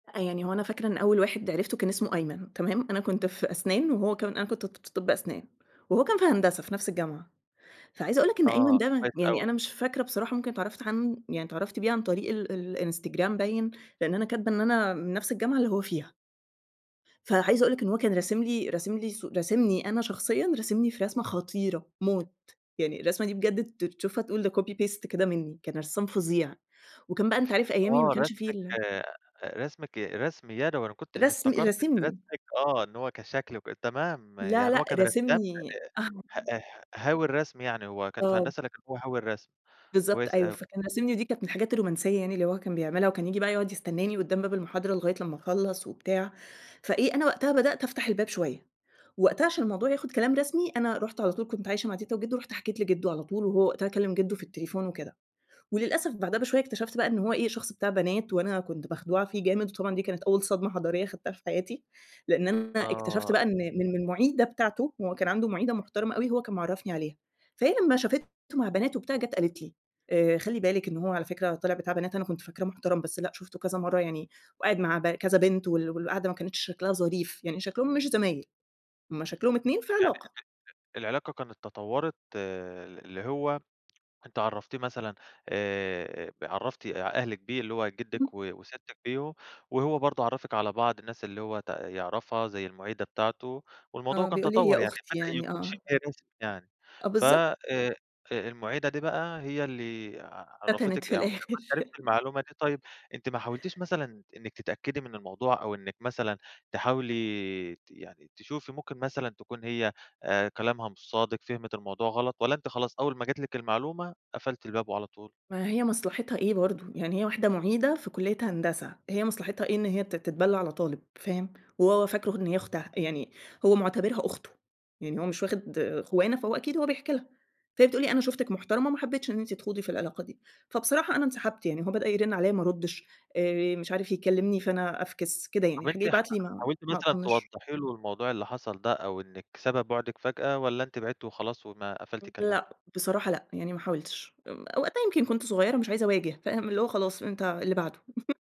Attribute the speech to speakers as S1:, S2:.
S1: يعني هو أنا فاكرة إن أول واحد عرفته كان اسمه أيمن، تمام؟ أنا كنت في أسنان وهو كان أنا ك كنت ت في طب أسنان، وهو كان في هندسة في نفس الجامعة، فعايزة أقول لَك إن أيمن
S2: آه، كويس
S1: ده، يعني
S2: أوي.
S1: أنا مش فاكرة بصراحة ممكن اتعرفت عنه يعني اتعرفت بيه عن طريق ال ال الإنستجرام باين؛ لأن أنا كاتبة إن أنا من نفس الجامعة اللي هو فيها. فعايزة أقول لَك إن هو كان راسم لي راسم لي صو راسمني أنا شخصيًا، راسمني في رسمة خطيرة موت، يعني الرسمة دي بجد ت تشوفها تقول ده copy paste كده منّي، كان رسّام فظيع، وكان بقى أنت عارف أيامي ما
S2: آه
S1: كانش في
S2: راسمِك
S1: ال
S2: راسمِك ي رسم يدوي، أنا كنت أنا
S1: رسم
S2: افتكرت إن
S1: راسمني.
S2: راسمِك آه، إن هو كشكل وكده تمام،
S1: لا،
S2: يعني
S1: لأ،
S2: هو كان رسام
S1: راسمني.
S2: آآ ه ه هاوي الرسم يعني، هو كان في
S1: آه.
S2: هندسة لكن هو هاوي الرسم.
S1: بالضبط
S2: كويس
S1: أيوه،
S2: أوي.
S1: فكان راسمني دي كانت من الحاجات الرومانسية يعني اللي هو كان بيعملها، وكان ييجي بقى يقعد يستناني قدّام باب المحاضرة لغاية لمّا اخلّص وبتاع، فإيه أنا وقتها بدأت أفتح الباب شوية، وقتها عشان الموضوع ياخد كلام رسمي، أنا رُحت على طول كنت عايشة مع تيتا وجِدُّو، رُحت حكيت لجِدُّو على طول، وهو وقتها كلّم جدو في التليفون وكده، وللأسف بعدها بشوية اكتشفت بقى إنّه هو إيه؟ شخص بتاع بنات، وأنا كنت مخدوعة فيه جامد، وطبعًا دي كانت أول صدمة حضارية خدتها في حياتي؛ لأن أنا اكتشفت
S2: آه.
S1: بقى إن من من المُعيدة بتاعته، هو كان عنده مُعيدة محترمة أوي، هو كان معرّفني عليها، فهي لمّا شافته مع بنات وبتاع، جات قالت لي: آآ "خلّي بالِك إنّه هو على فكرة طلع بتاع بنات، أنا كنت فاكراه محترم بس لأ، شُفته كذا مرّة يعني وقاعد مع ب كذا بنت، وال والقعدة ما كانتش شكلها ظريف، يعني شكلهم مش زمايل، هم شكلهم
S2: يعني
S1: اتنين في
S2: أنتِ
S1: علاقة."
S2: ال العلاقة كانت تطورت اللي هو، أنتِ عرّفتيه مثلًا آآ عرّفتِ أهلِك بيه، اللي هو
S1: اهم.
S2: جدِّك وستِّك بيه، وهو برضه عرَّفِك على بعض الناس اللي هو ت يعرفها زي المُعيدة بتاعته، والموضوع
S1: آه،
S2: كان
S1: بيقول لي: "هي
S2: تَطَور يعني،
S1: أختي
S2: بدأ
S1: يعني"،
S2: يكون
S1: آه.
S2: شِبه رسمي يعني.
S1: آه،
S2: ف
S1: بالضبط.
S2: آآ المُعيدة دي بقى هي اللي
S1: فتنت
S2: عرّفتِك
S1: في
S2: [unintelligible] لمّا
S1: الآخر
S2: أنتِ عرفتِ المعلومة دي طيب، أنتِ ما حاولتيش مثلًا إنِّك تتأكدي من الموضوع، أو إنِّك مثلًا تحاولي ت يعني تشوفي ممكن مثلًا تكون هي آآ كلامها مش صادق، فهمت الموضوع غلط؟ والَّا أنتِ خلاص أول ما جات لِك المعلومة، قفلتِ الباب وعلى طول؟
S1: ما هي مصلحتها إيه برضه؟ يعني هي واحدة مُعيدة في كلية هندسة، هي مصلحتها إيه إن هي تت تتبلى على طالب فاهم؟ وهو فاكر إن هي أختها، يعني هو معتبرها أخته، يعني هو مش واخد خوانة فهو أكيد هو بيحكي لها، فهي بتقول لي: "أنا شوفتِك محترمة ما حبيتش إن أنتِ تخوضي في العلاقة دي"، فبصراحة أنا انسحبت يعني هو بدأ يرن عليه ما أردش، آآ مش عارف يكلمني فأنا أفكِس، كده يعني
S2: طب
S1: يخلّيه
S2: أنتِ حا
S1: يبعت لي ما
S2: حاولتِ
S1: ما
S2: مثلًا
S1: أطنش.
S2: توضحي له الموضوع اللي حصل ده، أو إنِّك سبب بُعدِك فجأة، والَّا أنتِ بعدتِ وخلاص وما قفلتِ
S1: امم
S2: كلام؟
S1: لأ، بصراحة لأ، يعني ما حاولتش، امم وقتها يمكن كنت صغيّرة مش عايزة أواجه، فاهم؟ اللي هو خلاص أنت اللي بعده.